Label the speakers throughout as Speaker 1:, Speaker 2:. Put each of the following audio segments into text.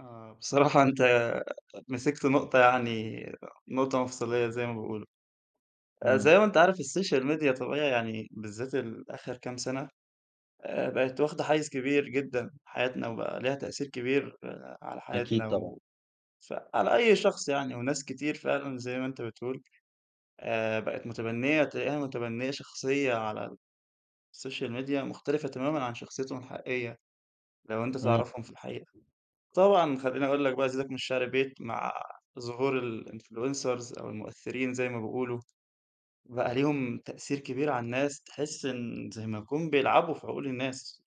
Speaker 1: آه بصراحة أنت مسكت نُقطة يعني نُقطة مفصلية زي ما بيقولوا، آآ
Speaker 2: إمم.
Speaker 1: زي ما أنت عارف الSocial Media طبيعي يعني بالذات الآخر كام سنة، آآ بَقِت واخدة حيّز كبير جدًا في حياتنا وبقى ليها تأثير كبير آآ على
Speaker 2: أكيد
Speaker 1: حياتنا
Speaker 2: طبعًا.
Speaker 1: و فعلى أي شخص يعني وناس كتير فعلًا زي ما أنت بتقول، آآ بقت مُتبنية تلاقيها مُتبنية شخصية على الSocial Media مختلفة تمامًا عن شخصيتهم الحقيقية، لو أنت
Speaker 2: إمم.
Speaker 1: تعرفهم في الحقيقة، طبعًا خلّيني اقول لَك بقى أزيدَك من الشِعر بيت مع ظهور الinfluncers أو المؤثرين زي ما بيقولوا، بقى ليهم تأثير كبير على الناس تحس إن زي ما يكون بيلعبوا في عقول الناس،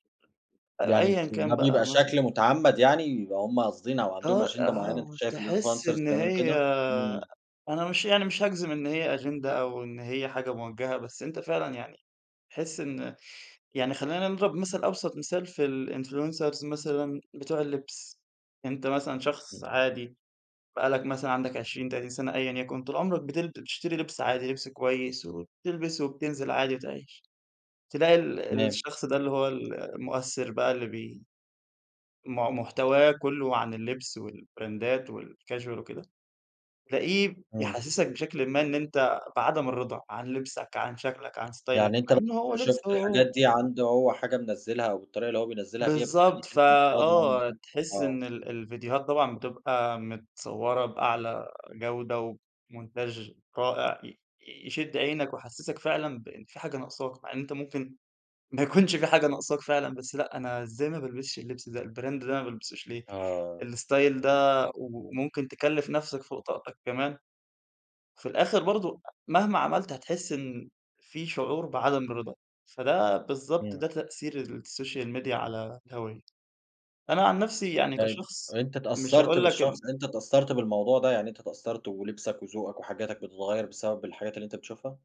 Speaker 1: آآ
Speaker 2: يعني
Speaker 1: أيًا
Speaker 2: أنتِ
Speaker 1: كان
Speaker 2: ده
Speaker 1: بقى
Speaker 2: بيبقى
Speaker 1: مثلًا.
Speaker 2: شكل مُتعمّد يعني؟ يببقى هُم قاصدين أو عندهم
Speaker 1: آه
Speaker 2: أجِندة
Speaker 1: آه
Speaker 2: معينة أنت شايف
Speaker 1: وتحس
Speaker 2: الinfluncers
Speaker 1: إن
Speaker 2: بيعملوا
Speaker 1: هي
Speaker 2: كده؟ إمم.
Speaker 1: أنا مش يعني مش هاجزم إن هي أجِندة أو إن هي حاجة مُوجَهة، بس أنت فعلًا يعني تحس إن يعني خلّينا نضرب مَثل أبسط مثال في الinfluncers مثلًا بتوع اللبس، أنت مثلًا شخص عادي بقى لّك مثلًا عندَك 20 30 سنة أيًا يكن، طول عمرَك بتل بتشتري لِبس عادي لِبس كويس وبتلبس وبتنزل عادي وتعيش، تلاقي ال
Speaker 2: تمام.
Speaker 1: الشخص ده اللي هو ال المؤثر بقى اللي بي م محتواه كُلّه عن اللبس والـبراندات والcasual وكده، تلاقيه
Speaker 2: إمم.
Speaker 1: بيحسسَك بشكل ما إن أنت بعدم الرضا عن لِبسَك، عن شكلَك، عن ستايلَك،
Speaker 2: يعني
Speaker 1: مع
Speaker 2: أنت
Speaker 1: إنه هو لبسه
Speaker 2: شُفت
Speaker 1: هو هو.
Speaker 2: الحاجات دي عنده هو حاجة منزّلها أو الطريقة اللي هو بينزّلها بيها
Speaker 1: بالضبط،
Speaker 2: بتخلّيك أنت مش راضي عنه
Speaker 1: فآه
Speaker 2: يعني؟
Speaker 1: تحِس
Speaker 2: آه.
Speaker 1: إن ال الفيديوهات طبعًا بتبقى متصوّرة بأعلى جودة وبمونتاچ رائع ي يشِد عينَك ويحسَسك فعلًا بإن في حاجة ناقصاك، مع إن أنت ممكن ما يكونش فيه حاجة ناقصاك فعلًا، بس لأ أنا إزاي ما بالبسش اللبس ده، الBrand ده ما بالبسوش ليه
Speaker 2: آه.
Speaker 1: الStyle ده وممكن تكلّف نفسَك فوق طاقتك كمان وفي الآخر برضه مهما عملت هتحِس إن في شعور بعدم الرضا، فده بالضبط
Speaker 2: إمم.
Speaker 1: ده تأثير الSocial Media على الهَوّية، أنا عن نفسي يعني
Speaker 2: طيب
Speaker 1: كشخص
Speaker 2: أنت
Speaker 1: مش
Speaker 2: اتأثّرت
Speaker 1: هاقول لك
Speaker 2: بالشخص،
Speaker 1: إن
Speaker 2: أنت اتأثّرت بالموضوع ده، يعني أنت اتأثّرت ولِبسَك وذوقَك وحاجاتَك بتتغيّر بسبب الحاجات اللي أنت بتشوفها؟